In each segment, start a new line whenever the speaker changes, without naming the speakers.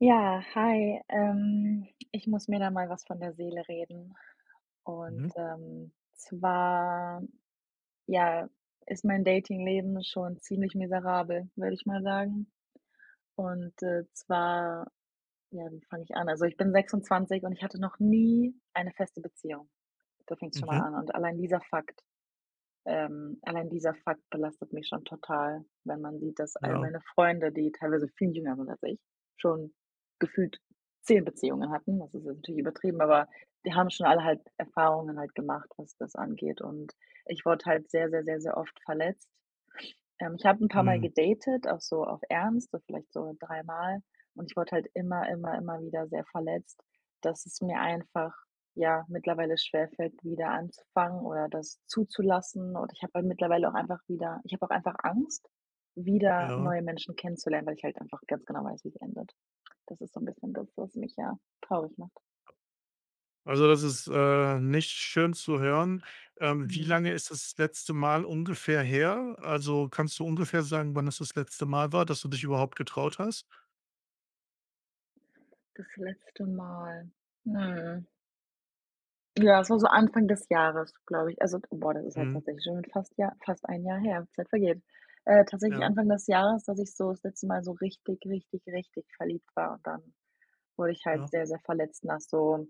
Ja, hi. Ähm, ich muss mir da mal was von der Seele reden und,
Mhm.
ähm, zwar, ja, ist mein Dating-Leben schon ziemlich miserabel, würde ich mal sagen. Und, äh, zwar ja, wie fange ich an? Also ich bin 26 und ich hatte noch nie eine feste Beziehung. Da fängt's schon mal
Mhm.
an und allein dieser Fakt, ähm allein dieser Fakt belastet mich schon total, wenn man sieht, dass all
Ja.
meine Freunde, die teilweise viel jünger sind als ich, schon gefühlt 10 Beziehungen hatten. Das ist jetzt natürlich übertrieben, aber die haben schon alle halt Erfahrungen halt gemacht, was das angeht. Und ich wurde halt sehr, sehr, sehr, sehr oft verletzt. Ähm, ich habe 'n paarmal
Hm.
gedatet, auch so auf Ernst, also vielleicht so 3 Mal und ich wurde halt immer, immer, immer wieder sehr verletzt, dass es mir einfach, ja, mittlerweile schwer fällt wieder anzufangen oder das zuzulassen und ich habe mir mittlerweile auch einfach wieder ich habe auch einfach Angst wieder
Ja.
neue Menschen kennenzulernen, weil ich halt einfach ganz genau weiß, wie's endet. Das ist so 'n bisschen das, was mich, ja, traurig macht.
Also das ist, äh, nicht schön zu hören. Ähm, wie
Mhm.
lange ist das letzte Mal ungefähr her? Also kannst du ungefähr sagen, wann es das letzte Mal war, dass du dich überhaupt getraut hast?
Das letzte Mal. Hm. Ja das war so Anfang des Jahres, glaube ich, also d boah das ist halt
Mhm.
tatsächlich schon fast Jahr fast 1 Jahr her, Zeit vergeht. Äh, tatsächlich
Ja.
Anfang des Jahres, dass ich so das letzte Mal so richtig, richtig, richtig verliebt war dann, wo ich halt
Ja.
sehr, sehr verletzt nach so.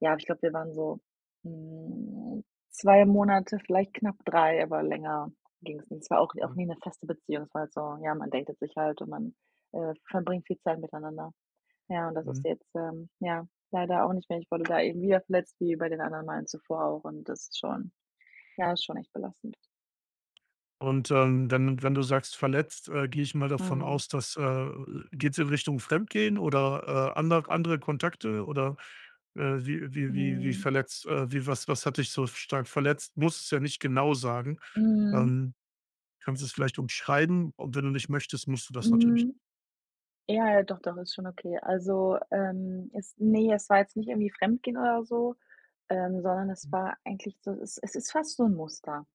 Ja, ich glaube, wir waren so, hm, 2 Monate, vielleicht knapp 3, aber länger ging's nicht und es war auch n auch
Mhm.
nie 'ne feste Beziehung, es war halt so, ja, man datet sich halt und man, äh, verbringt viel Zeit miteinander. Ja und das ist
Mhm.
jetzt, ähm, ja, leider auch nicht mehr. Ich wurde da eben wieder verletzt wie bei den anderen Malen zuvor auch und das ist schon ja, ist schon echt belastend.
Und, ähm, dann, wenn wenn du sagst verletzt, äh, gehe ich mal davon
Mhm.
aus, dass, äh, geht's in Richtung Fremdgehen oder, äh, ander andere Kontakte oder, äh, wie wie wie wie
Mhm.
verletzt äh, wie was was hat dich so, f stark verletzt? Musst es ja nicht genau sagen.
Mhm.
Ähm, kannst du es vielleicht umschreiben und wenn du nicht möchtest, musst du das natürlich n
Mhm. Ja, ja, doch, doch, ist schon okay. Also, ähm, es ne, es war jetzt nicht irgendwie fremdgehen oder so, ähm, sondern es
Mhm.
war eigentlich so, es es ist fast so 'n Muster.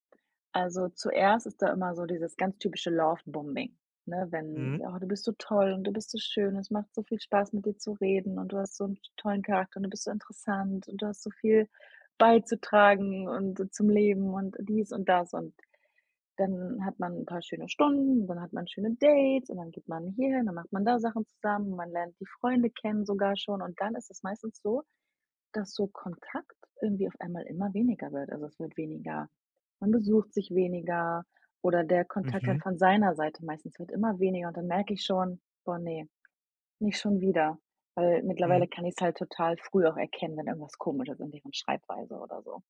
Also zuerst ist da immer so dieses ganz typische Lovebombing, ne, wenn:
Mhm.
„Oh, du bist so toll und du bist so schön, es macht so viel Spaß, mit dir zu reden und du hast so 'n tollen Charakter und du bist so interessant und du hast so viel beizutragen und zum Leben und dies und das.“ Und dann hat man 'n paar schöne Stunden, dann hat man schöne Dates und dann geht man hierhin, dann macht man da Sachen zusammen, man lernt die Freunde kennen sogar schon und dann ist es meistens so, dass so Kontakt irgendwie auf einmal immer weniger wird, also es wird weniger man besucht sich weniger oder der Kontakt dann
Mhm.
von seiner Seite meistens wird immer weniger und dann merke ich schon: „Boah ne, nicht schon wieder“, weil mittlerweile
Mhm.
kann ich's halt total früh auch erkennen, wenn irgendwas komisch ist an deren Schreibweise oder so.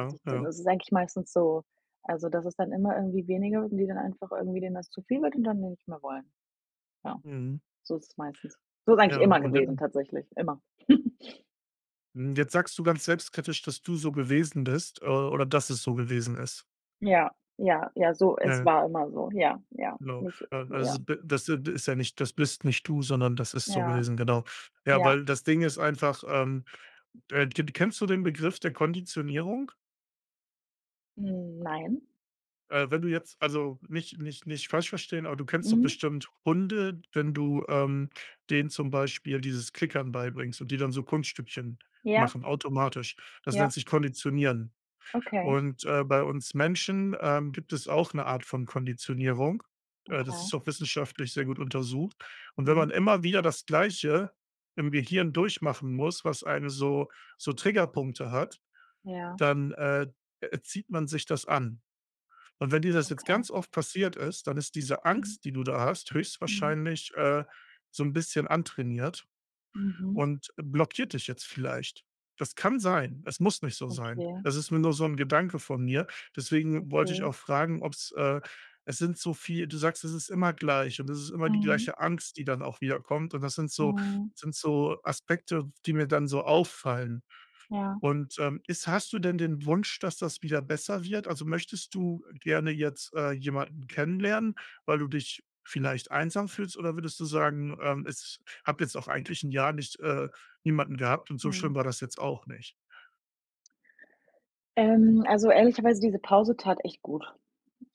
Dass ich dann
Ja.
das ist eigentlich meistens so, also das ist dann immer irgendwie weniger und die dann einfach irgendwie denen das zu viel wird und dann die nicht mehr wollen. Ja,
Mhm.
so ist es meistens. So ist
Ja,
eigentlich immer
und je
gewesen tatsächlich, immer.
Mhm, jetzt sagst du ganz selbstkritisch, dass du so gewesen bist, äh, oder dass es so gewesen ist.
Ja, ja, ja, so
Ja,
es
ja.
war immer so, ja, ja,
Genau.
nicht
Ähm,
ja.
also be das, äh, d ist ja nicht, das bist nicht du, sondern das ist so
Ja,
gewesen, genau. Ja,
ja.
weil das Ding ist einfach, ähm, äh, d d kennst du den Begriff der Konditionierung?
Nein.
Äh, wenn du jetzt, also nicht nicht nicht falsch verstehen aber du kennst doch
Mhm.
bestimmt Hunde, wenn du, ähm, denen zum Beispiel dieses Klickern beibringst und die dann so Kunststückchen
Ja.
machen, automatisch. Das nennt
Ja.
sich Konditionieren.
Okay.
Und, äh, bei uns Menschen, ähm, gibt es auch 'ne Art von Konditionierung. Äh, das
Okay.
ist auch wissenschaftlich sehr gut untersucht. Und wenn
Mhm.
man immer wieder das Gleiche im Gehirn durchmachen muss, was eine so so Triggerpunkte hat,
Ja.
dann, äh, äh, erzieht man sich das an. Und wenn dir das jetzt
Okay.
ganz oft passiert ist, dann ist diese
Mhm.
Angst, die du da hast,
Mhm.
höchstwahrscheinlich, äh, so 'n bisschen antrainiert
Mhm.
und blockiert dich jetzt vielleicht. Das kann sein. Es muss nicht so sein.
Okay.
Es ist mir nur so 'n Gedanke von mir, deswegen wollte ich
Okay.
auch fragen, ob's, äh es sind so viel du sagst, es ist immer gleich und es ist immer die
Mhm.
gleiche Angst, die dann auch wiederkommt, und das sind so
Mhm.
sind so Aspekte, die mir dann so auffallen.
Ja.
Und, ähm, ist hast du denn den Wunsch, dass das wieder besser wird? Also möchtest du gerne jetzt, äh, jemanden kennenlernen, weil du dich vielleicht einsam fühlst, oder würdest du sagen, ähm, es habe jetzt auch eigentlich 'n Jahr nicht äh, niemanden gehabt und so schlimm
Mhm.
war das jetzt auch nicht?
Ähm, also ehrlicherweise diese Pause tat echt gut.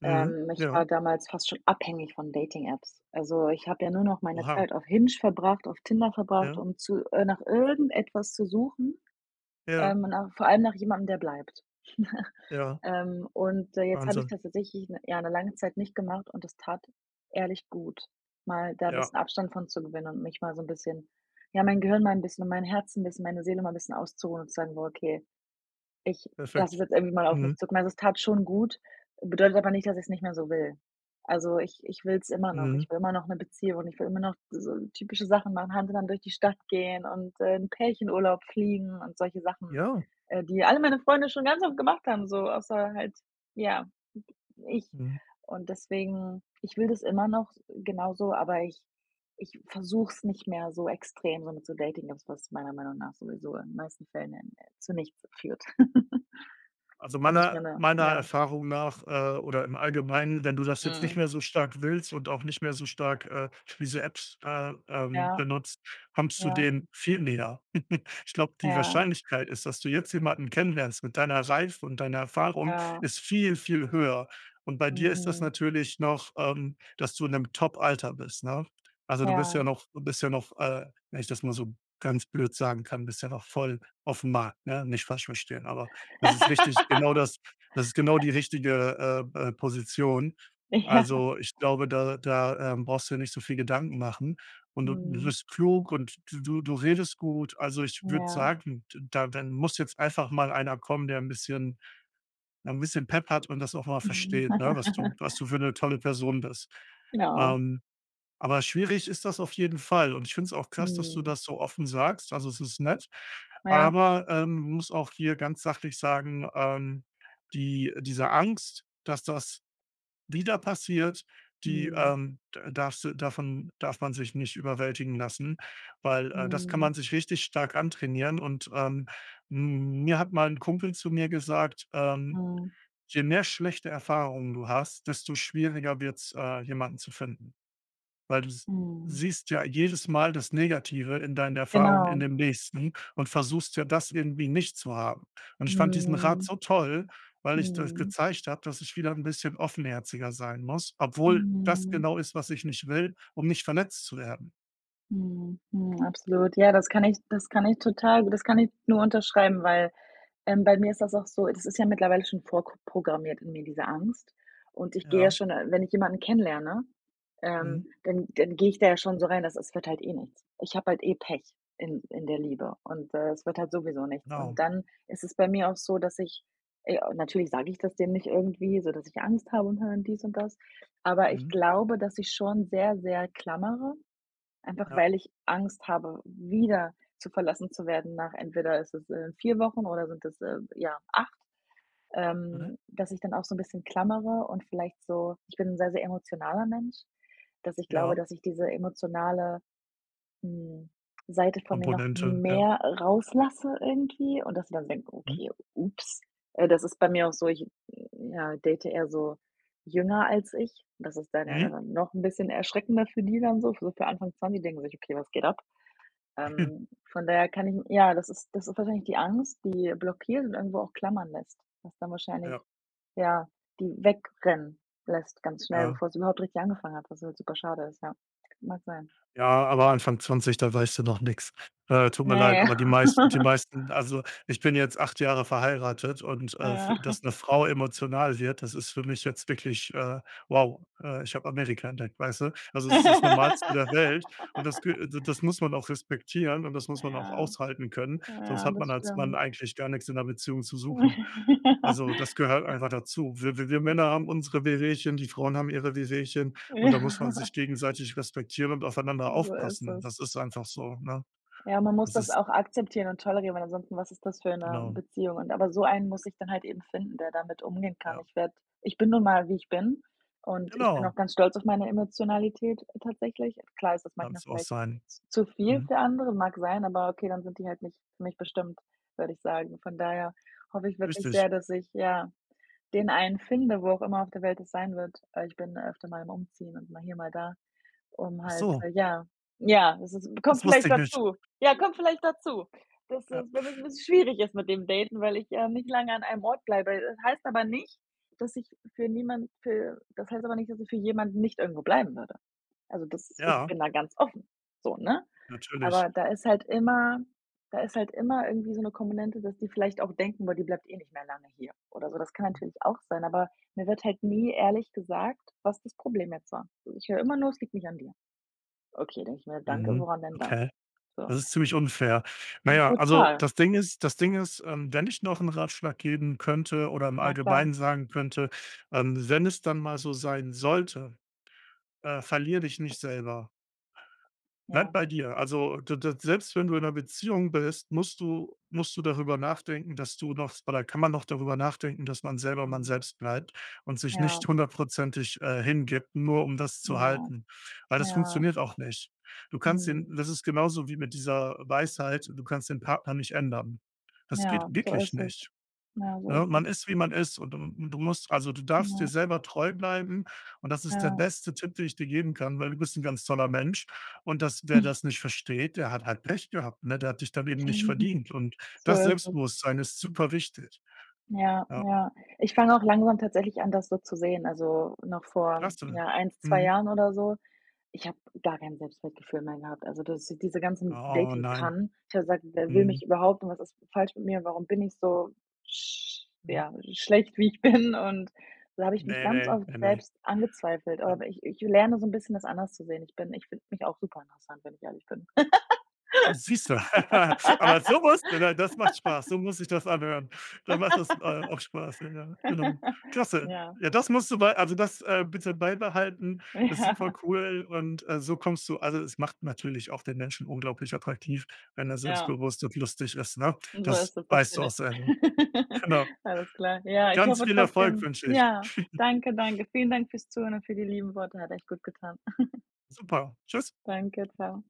Mhm.
Ähm, ich war
Ja.
damals fast schon abhängig von Dating-Apps. Also, ich habe ja nur noch meine
Oha.
Zeit auf Hinge verbracht, auf Tinder verbracht,
Ja.
um zu äh, nach irgendetwas zu suchen,
Ja.
ähm, nach vor allem nach jemandem, der bleibt.
Ja.
Ähm, und, äh, jetzt habe ich
Wahnsinn.
das tatsächlich ja 'ne lange Zeit nicht gemacht und das tat ehrlich gut, mal da 'n
Ja.
bisschen Abstand von zu gewinnen und mich mal so 'n bisschen ja, mein Gehirn mal 'n bisschen und mein 'n Herzen bisschen, meine Seele mal 'n bisschen auszuruhen und zu sagen: „Okay, ich lasse
Perfekt.
es jetzt irgendwie mal auf mich
Mhm.
zukommen." Also, es tat schon gut, bedeutet aber nicht, dass ich's nicht mehr so will. Also ich ich will's immer noch. Ich
Mhm.
will immer noch 'ne Beziehung und ich will immer noch so typische Sachen machen, Hand in Hand durch die Stadt gehen und, äh, in Pärchenurlaub fliegen und solche Sachen,
Ja.
äh, die alle meine Freunde schon ganz oft gemacht haben so, außer halt, ja, ich.
Mhm.
Und deswegen ich will das immer noch s genauso, aber ich ich versuch's nicht mehr so extrem, so mit so Dating-Apps, was meiner Meinung nach sowieso in den meisten Fällen n n zu nichts führt.
Also
Da muss mir
meiner
'ne,
meiner
ja
Erfahrung nach, äh, oder im Allgemeinen, wenn du das jetzt nicht
Mhm.
mehr so stark willst und auch nicht mehr so stark, äh, wie so Apps, äh, ähm,
Ja.
benutzt, kommst du
Ja.
dem viel näher. Ich glaube, die
Ja.
Wahrscheinlichkeit ist, dass du jetzt jemanden kennenlernst mit deiner Reife und deiner Erfahrung
Ja.
ist viel, viel höher. Und bei dir ist das
Mhm.
natürlich noch, ähm, dass du in 'nem Top-Alter bist, ne? Also, du bist
Ja.
ja noch du bist ja noch, äh, wenn ich das mal so ganz blöd sagen kann, bist ja noch voll aufm Markt, ne? Nicht falsch verstehen, aber das ist wichtig genau das das ist genau die richtige, äh, äh, Position.
Ja.
Also, ich glaube, da da, ähm, brauchst du dir nicht so viel Gedanken machen. Und du du
Mhm.
bist klug und d du du redest gut. Also, ich würde
Ja.
sagen, d da dann muss jetzt einfach mal einer kommen, der 'n bisschen ja, 'n bisschen Pepp hat und das auch mal versteht, ne, was du was du für 'ne tolle Person bist.
Ja.
Ähm, aber schwierig ist das auf jeden Fall und ich finde es auch krass, dass du
Mhm.
das so offen sagst. Also, es ist nett.
Ja.
Aber, ähm, muss auch hier ganz sachlich sagen, ähm, die diese Angst, dass das wieder passiert, die,
Mhm.
ähm, d darfst du davon, darf man sich nicht überwältigen lassen, weil, äh, das kann
Mhm.
man sich richtig stark antrainieren und, ähm, m mir hat mal 'n Kumpel zu mir gesagt, ähm:
Mhm.
„Je mehr schlechte Erfahrungen du hast, desto schwieriger wird's, äh, jemanden zu finden." Weil du s
Mhm.
siehst ja jedes Mal das Negative in deinen Erfahrungen in
Genau.
dem Nächsten und versuchst ja, das irgendwie nicht zu haben. Und ich fand diesen Rat
Mhm.
so toll, weil ich das
Mhm.
gezeigt habe, dass ich wieder 'n bisschen offenherziger sein muss, obwohl das
Mhm.
genau ist, was ich nicht will, um nicht verletzt zu werden.
Mhm, mhm, absolut, ja, das kann ich das kann ich total das kann ich nur unterschreiben, weil, ähm, bei mir ist das auch so das ist ja mittlerweile schon vorprogrammiert in mir diese Angst und ich gehe ja
Ja.
schon, äh wenn ich jemanden kennenlerne, ähm,
Mhm.
dann dann gehe ich da ja schon so rein, dass es wird halt eh nichts. Ich habe halt eh Pech in in der Liebe und, äh, es wird halt sowieso nichts. Und
Genau.
dann ist es bei mir auch so, dass ich ey, natürlich sage ich das dem nicht irgendwie, so dass ich Angst habe und [unintelligible] dies und das, aber ich
Mhm.
glaube, dass ich schon sehr, sehr klammere, einfach
Ja.
weil ich Angst habe, wieder zu verlassen zu werden nach, entweder ist es, äh, 4 Wochen oder sind es, äh, ja 8,
Mhm.
ähm, dass ich dann auch so 'n bisschen klammere und vielleicht so ich bin 'n sehr, sehr emotionaler Mensch, dass ich glaube,
Ja.
dass ich diese emotionale, hm, Seite von mir noch
Komponente, ja.
mehr rauslasse irgendwie und dass die dann denken:
Mhm.
„Okay, ups.“ Äh, das ist bei mir auch so ich, ja, date eher so jünger als ich. Das ist dann ja
Mhm.
dann noch 'n bisschen erschreckender für die dann so so für Anfang 20, die denken sich: „Okay, was geht ab.“ Ähm, von daher kann ich ja, das ist das ist wahrscheinlich die Angst, die blockiert und irgendwo auch klammern lässt, was dann wahrscheinlich
Ja.
ja, die wegrennen lässt ganz schnell,
Ja.
bevor es überhaupt richtig angefangen hat, was halt super schade ist, ja. Mag sein.
Ja, aber Anfang 20, da weißt du noch nix. Äh, tut mir leid,
Ne.
aber die meisten die meisten also, ich bin jetzt 8 Jahre verheiratet und, äh, f
Ja.
dass 'ne Frau emotional wird, das ist für mich jetzt wirklich, äh, wow, äh, ich hab Amerika entdeckt, weißt du? Also, es ist das Normalste der Welt und das kü d das muss man auch respektieren und das muss man auch
Ja,
aushalten können, sonst
ja
hat man
das
als Mann
stimmt.
eigentlich gar nix in 'ner Beziehung zu suchen. Also, das gehört einfach dazu. W w wir Männer haben unsere Wehwehchen, die Frauen haben ihre Wehwehchen und da muss man
Ja.
sich gegenseitig respektieren und aufeinander
So ist
aufpassen.
es.
Das ist einfach so, ne?
Ja, man muss
Das
das
ist
auch akzeptieren und tolerieren, weil ansonsten was ist das für 'ne
Genau.
Beziehung und aber so einen muss ich dann halt eben finden, der damit umgehen kann.
Ja.
Ich werde ich bin nun mal, wie ich bin und ich bin auch
Genau.
ganz stolz auf meine Emotionalität tatsächlich. Klar ist das manchmal
Kannst du auch
vielleicht
sein.
z zu viel
Mhm.
für andere, mag sein, aber okay, dann sind die halt nicht für mich bestimmt, würde ich sagen. Von daher hoffe ich wirklich
Richtig.
sehr, dass ich, ja, den einen finde, wo auch immer auf der Welt es sein wird. Äh, ich bin öfter mal am Umziehen und mal hier mal da, um halt
Achso.
ja, ja, es es kommt
Das wusste
vielleicht
ich nicht.
dazu. Ja, kommt vielleicht dazu. Das ist,
Äh,
w wird 'n
puh.
bisschen schwierig ist mit dem Daten, weil ich, ähm, nicht lange an einem Ort bleibe, das heißt aber nicht, dass ich für niemand für das heißt aber nicht, dass ich für jemanden nicht irgendwo bleiben würde. Also das ich
Ja.
bin da ganz offen so, ne?
Natürlich.
Aber da ist halt immer da ist halt immer irgendwie so 'ne Komponente, dass die vielleicht auch denken: „Boah, die bleibt eh nicht mehr lange hier“ oder so. Das kann natürlich auch sein, aber mir wird halt nie ehrlich gesagt, was das Problem jetzt war. So ich höre immer nur: „Es liegt nicht an dir.“ „Okay“, denke ich mir: „Danke,
Mhm,
woran denn dann?“
okay.
So.
Das ist ziemlich unfair.
Hm,
Naja, also
total.
das Ding ist das Ding ist, ähm, wenn ich noch 'n Ratschlag geben könnte oder im
Na klar.
Allgemeinen sagen könnte, ähm, wenn es dann mal so sein sollte, äh, verlier dich nicht selber. Bleib
Ja.
bei dir. Also, d d selbst wenn du in 'ner Beziehung bist, musst du musst du darüber nachdenken, dass du noch oder kann man noch darüber nachdenken, dass man selber man
Mhm.
selbst bleibt und sich
Ja.
nicht 100 %, äh, hingibt, nur um das zu
Ja.
halten. Weil das
Ja.
funktioniert auch nicht. Du kannst den
Mhm.
das ist genauso wie mit dieser Weisheit, du kannst den Partner nicht ändern. Das geht
Ja, so
wirklich
ist es.
nicht,
Ja, so
ne?
ist es.
Man ist, wie man ist und du du musst also du darfst dir
Genau.
selber treu bleiben und das ist der
Ja.
beste Tipp, den ich dir geben kann, weil du bist 'n ganz toller Mensch und das wer das nicht versteht, der hat halt Pech gehabt, ne? Der hat dich dann eben nicht verdient und
So
das
ist es.
Selbstbewusstsein ist super wichtig.
Ja,
Ja.
ja. Ich fange auch langsam tatsächlich an, das so zu sehen, also noch vor,
Klasse.
ja, 1, 2
Mhm.
Jahren oder so. Ich habe gar kein Selbstwertgefühl mehr gehabt, also das diese ganzen
Oh, nein.
Dating-Pannen ich habe gesagt: „Wer will mich
Mhm.
überhaupt und was ist falsch mit mir, warum bin ich so sch
Mhm.
ja, schlecht, wie ich bin?“ und da habe ich mich
Ne,
ganz
ne,
oft
ne, ne.
selbst angezweifelt.
Ja.
Aber ich ich lerne so 'n bisschen, das anders zu sehen. Ich bin ich finde mich auch super interessant, wenn ich ehrlich bin.
Äh, siehste? Aber so musst du, ne, das macht Spaß, so muss sich das anhören. Dann macht das, äh, auch Spaß, ja, ja, genau. Klasse.
Ja.
Ja, das musst du bei also das, äh, bitte beibehalten. Ist
Ja.
supercool und, äh, so kommst du also es macht natürlich auch den Menschen unglaublich attraktiv, wenn er
Ja.
selbstbewusst und lustig ist, ne?
So
Das
ist es, das
weißt
bin
du auch
ich.
sehr, ne? Genau.
Alles klar. Ja, ich
Ganz
hoffe
viel Erfolg
trotzdem
wünsche ich.
ja, danke, danke, vielen Dank fürs Zuhören und für die lieben Worte. Hat echt gut getan.
Super. Tschüss.
Danke, tschau.